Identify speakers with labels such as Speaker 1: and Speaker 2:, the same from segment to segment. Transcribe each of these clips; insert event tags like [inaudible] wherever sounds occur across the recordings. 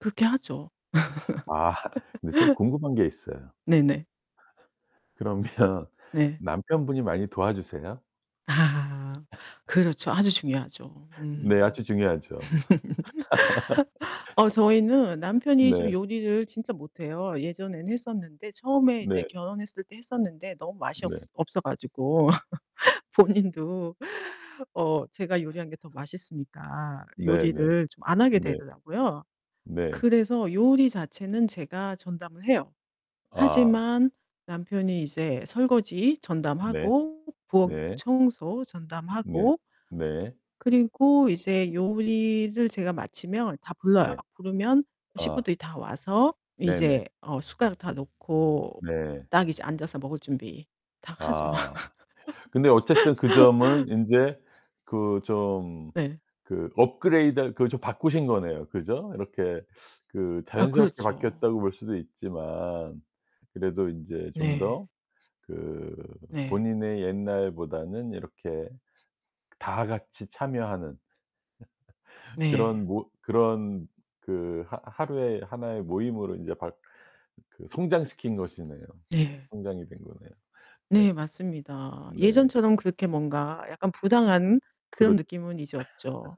Speaker 1: 그렇게 하죠.
Speaker 2: 아 [laughs] 근데 좀
Speaker 1: [laughs]
Speaker 2: 궁금한 게 있어요.
Speaker 1: 네네.
Speaker 2: 그러면
Speaker 1: 네.
Speaker 2: 남편분이 많이 도와주세요?
Speaker 1: 아
Speaker 2: [laughs]
Speaker 1: 그렇죠 아주 중요하죠.
Speaker 2: 네
Speaker 1: 음.
Speaker 2: 아주 중요하죠.
Speaker 1: [laughs] 어
Speaker 2: [laughs]
Speaker 1: 저희는 남편이 좀
Speaker 2: 네.
Speaker 1: 요리를 진짜 못해요. 예전에는 했었는데 처음에 이제
Speaker 2: 네.
Speaker 1: 결혼했을 때 했었는데 너무 맛이 없
Speaker 2: 네.
Speaker 1: 없어 가지고 [laughs] 본인도 어 제가 요리한 게 더 맛있으니까
Speaker 2: 네네.
Speaker 1: 요리를 좀 안 하게
Speaker 2: 네.
Speaker 1: 되더라고요.
Speaker 2: 네.
Speaker 1: 그래서 요리 자체는 제가 전담을 해요.
Speaker 2: 아.
Speaker 1: 하지만 남편이 이제 설거지
Speaker 2: 네.
Speaker 1: 전담하고 부엌
Speaker 2: 네.
Speaker 1: 청소
Speaker 2: 네.
Speaker 1: 전담하고
Speaker 2: 네.
Speaker 1: 그리고 이제 요리를 제가 마치면 다 불러요.
Speaker 2: 네.
Speaker 1: 부르면
Speaker 2: 아.
Speaker 1: 식구들이 다 와서
Speaker 2: 네네.
Speaker 1: 이제 어 숟가락 다 놓고
Speaker 2: 네.
Speaker 1: 딱 이제 앉아서 먹을 준비 다 하죠.
Speaker 2: 아. 근데 어쨌든 그 점은
Speaker 1: [laughs]
Speaker 2: 인제 그 좀
Speaker 1: 네.
Speaker 2: 그 업그레이드 그 좀 바꾸신 거네요 그죠? 이렇게 그
Speaker 1: 아
Speaker 2: 자연스럽게
Speaker 1: 그렇죠.
Speaker 2: 바뀌었다고 볼 수도 있지만 그래도 인제 좀
Speaker 1: 네.
Speaker 2: 더 그
Speaker 1: 네.
Speaker 2: 본인의 옛날보다는 이렇게 다 같이 참여하는 [laughs] 그런
Speaker 1: 네.
Speaker 2: 못 그런 그 하 하루에 하나의 모임으로 인제 바 그 성장시킨 것이네요.
Speaker 1: 네.
Speaker 2: 성장이 된 거네요. 네.
Speaker 1: 네 맞습니다.
Speaker 2: 네.
Speaker 1: 예전처럼 그렇게 뭔가 약간 부당한 그런
Speaker 2: 그렇
Speaker 1: 느낌은 이제 없죠.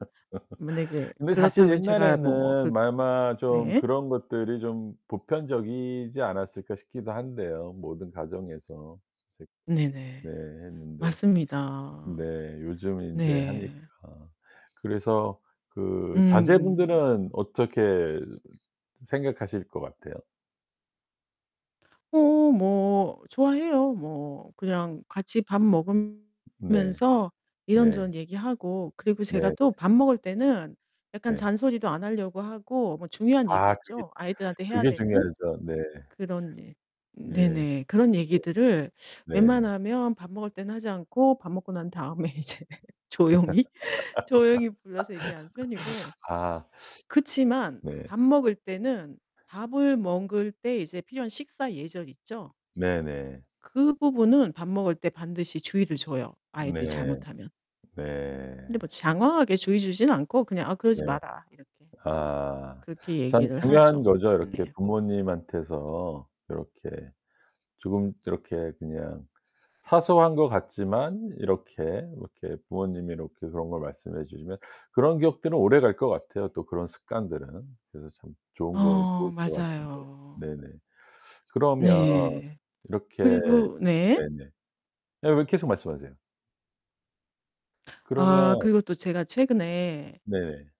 Speaker 1: 만약에
Speaker 2: 근데 사실
Speaker 1: 그렇다면 제가 뭐 그
Speaker 2: 옛날에는 아마 좀
Speaker 1: 네.
Speaker 2: 그런 것들이 좀 보편적이지 않았을까 싶기도 한데요 모든 가정에서. 색 네
Speaker 1: 네네
Speaker 2: 했는데 네
Speaker 1: 맞습니다.
Speaker 2: 요즘 인제
Speaker 1: 네.
Speaker 2: 하니까 그래서 그
Speaker 1: 음음.
Speaker 2: 자제분들은 어떻게 생각하실 것 같아요?
Speaker 1: 어 뭐 좋아해요. 뭐 그냥 같이 밥
Speaker 2: 네.
Speaker 1: 먹으면서
Speaker 2: 네.
Speaker 1: 이런저런 얘기하고 그리고 제가
Speaker 2: 네.
Speaker 1: 또 밥 먹을 때는 약간
Speaker 2: 네.
Speaker 1: 잔소리도 안 하려고 하고 뭐 중요한 얘기
Speaker 2: 아 그게
Speaker 1: 있죠 아이들한테 해야
Speaker 2: 그게
Speaker 1: 되는.
Speaker 2: 중요하죠. 네.
Speaker 1: 그런 일
Speaker 2: 예.
Speaker 1: 네네 그런 얘기들을
Speaker 2: 네. 네.
Speaker 1: 웬만하면 밥 먹을 때는 하지 않고 밥 먹고 난 다음에 이제 조용히, 조용히 불러서 얘기하는 편이고,
Speaker 2: [laughs] 아.
Speaker 1: 그렇지만
Speaker 2: 네.
Speaker 1: 밥 먹을 때는 밥을 먹을 때 이제 필요한 식사 예절 있죠?
Speaker 2: 네네.
Speaker 1: 그 부분은 밥 먹을 때 반드시 주의를 줘요
Speaker 2: 네.
Speaker 1: 아이들이 잘못하면.
Speaker 2: 네.
Speaker 1: 근데 뭐 장황하게 주의 주지는 않고 그냥 "아 그러지
Speaker 2: 네.
Speaker 1: 마라." 이렇게,
Speaker 2: 아.
Speaker 1: 그렇게
Speaker 2: 참
Speaker 1: 얘기를
Speaker 2: 중요한
Speaker 1: 하죠.
Speaker 2: 거죠. 이렇게
Speaker 1: 네.
Speaker 2: 부모님한테서 요렇게 조금 이렇게 그냥 사소한 것 같지만 이렇게 뭐 이렇게 부모님이 이렇게 그런 걸 말씀해 주시면 그런 기억들은 오래갈 것 같아요 또 그런 습관들은. 그래서 참 좋은 걸
Speaker 1: 어
Speaker 2: 좋을 것 같은데.
Speaker 1: 맞아요.
Speaker 2: 네네. 그러면
Speaker 1: 네.
Speaker 2: 이렇게
Speaker 1: 그리고 네.
Speaker 2: 네네. 예예 계속 말씀하세요.
Speaker 1: 아
Speaker 2: 그러면
Speaker 1: 그리고 또 제가 최근에
Speaker 2: 네.